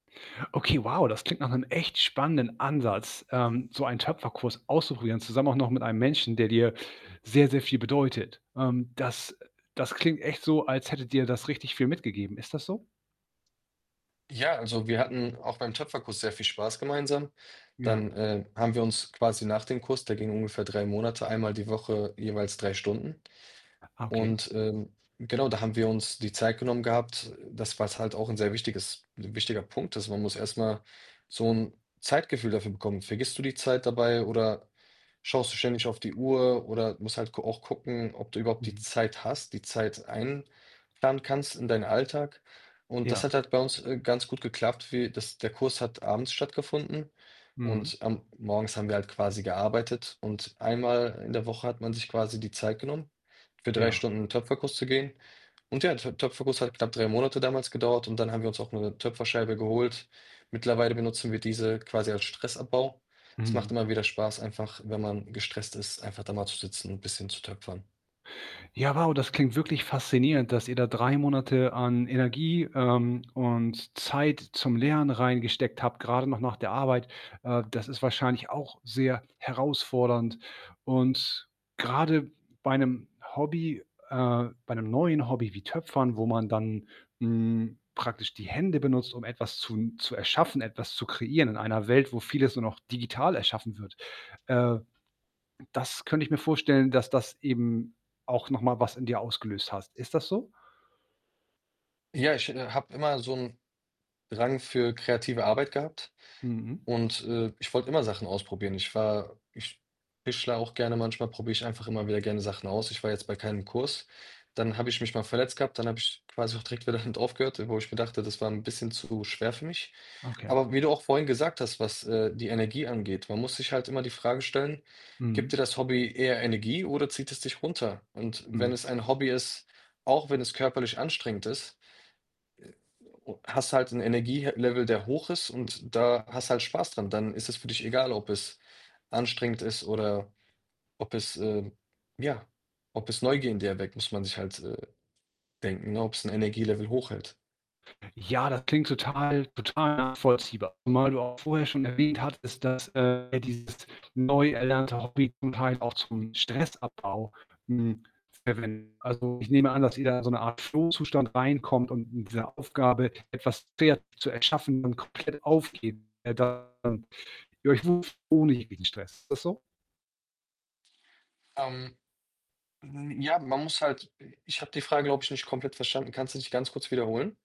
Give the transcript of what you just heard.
Okay, wow, das klingt nach 'nem echt spannenden Ansatz, ähm, so einen Töpferkurs auszuprobieren, zusammen auch noch mit einem Menschen, der dir sehr, sehr viel bedeutet. Ähm, das, äh das klingt echt so, als hätte dir das richtig viel mitgegeben. Ist das so? Ja, also, wir hatten auch beim Töpferkurs sehr viel Spaß gemeinsam. Ja. Dann, ähm, haben wir uns quasi nach dem Kurs der ging ungefähr 3 Monate, einmal die Woche jeweils 3 Stunden Okay. und, ähm, genau, da haben wir uns die Zeit genommen gehabt, das, was halt auch sehr wichtiges 'n wichtiger Punkt ist, man muss erst mal so 'n Zeitgefühl dafür bekommen. Vergisst du die Zeit dabei oder schaust du ständig auf die Uhr oder musst halt gu auch gucken, ob du überhaupt die Mhm. Zeit hast, die Zeit einplanen kannst in deinen Alltag und das Ja. hat halt bei uns, äh, ganz gut geklappt, wie das der Kurs hat abends stattgefunden Mhm. und, ähm, morgens haben wir halt quasi gearbeitet und einmal in der Woche hat man sich quasi die Zeit genommen, für 3 Ja. Stunden in Töpferkuss zu gehen und ja, der Töpferkuss hat knapp 3 Monate damals gedauert und dann haben wir uns auch noch 'ne Töpferscheibe geholt. Mittlerweile benutzen wir diese quasi als Stressabbau. Es macht Mhm. immer wieder Spaß, einfach, wenn man gestresst ist, einfach da mal zu sitzen und bisschen zu töpfern. Ja, wow, das klingt wirklich faszinierend, dass ihr da 3 Monate an Energie, ähm, und Zeit zum Lernen reingesteckt habt, grade noch nach der Arbeit. Äh, das ist wahrscheinlich auch sehr herausfordernd und grade bei 'nem Hobby äh, bei 'nem neuen Hobby wie Töpfern, wo man dann, hm, praktisch die Hände benutzt, um etwas zu n zu erschaffen, etwas zu kreieren in einer Welt, wo vieles nur noch digital erschaffen wird. Äh, das könnte ich mir vorstellen, dass das eben auch noch mal was in dir ausgelöst hast. Ist das so? Ja, ich, äh, habe immer so 'n Drang für kreative Arbeit gehabt Mhm. und, äh, ich wollte immer Sachen ausprobieren. Ich war ich tischlere auch gerne, manchmal probiere ich einfach immer wieder gerne Sachen aus. Ich war jetzt bei keinem Kurs. Dann habe ich mich mal verletzt gehabt, dann habe ich quasi auch direkt wieder damit aufgehört, äh, wo ich mir dachte, das war 'n bisschen zu schwer für mich. Okay. Aber wie du auch vorhin gesagt hast, was, äh, die Energie angeht, man muss sich halt immer die Frage stellen, gibt Mhm. dir das Hobby eher Energie oder zieht es dich runter? Und wenn Mhm. es ein Hobby ist, auch wenn es körperlich anstrengend ist, äh, o o hast du halt 'n Energiehe Level, der hoch ist und da hast halt Spaß dran. Dann ist es für dich egal, ob es anstrengend ist oder ob es, ähm ja, ob es Neugier in dir weckt. Muss man sich halt, äh, denken, ne, ob's 'n Energie-Level hochhält. Ja, das klingt total total nachvollziehbar. Zumal du auch vorher schon erwähnt hattest, dass, äh, dieses neu erlernte Hobby zum Teil auch zum Stressabbau, hm, verwen also, ich nehme an, dass ihr da in so 'ne Art Flow-Zustand reinkommt und mit dieser Aufgabe etwas [unintelligible] Wert zu erschaffen und komplett aufgeben, dann ihr euch [unintelligible] ohne jeden Stress. Ist das so? Ähm, hm, ja, man muss halt, äh ich habe die Frage, glaube ich, nicht komplett verstanden. Kannst du dich ganz kurz wiederholen?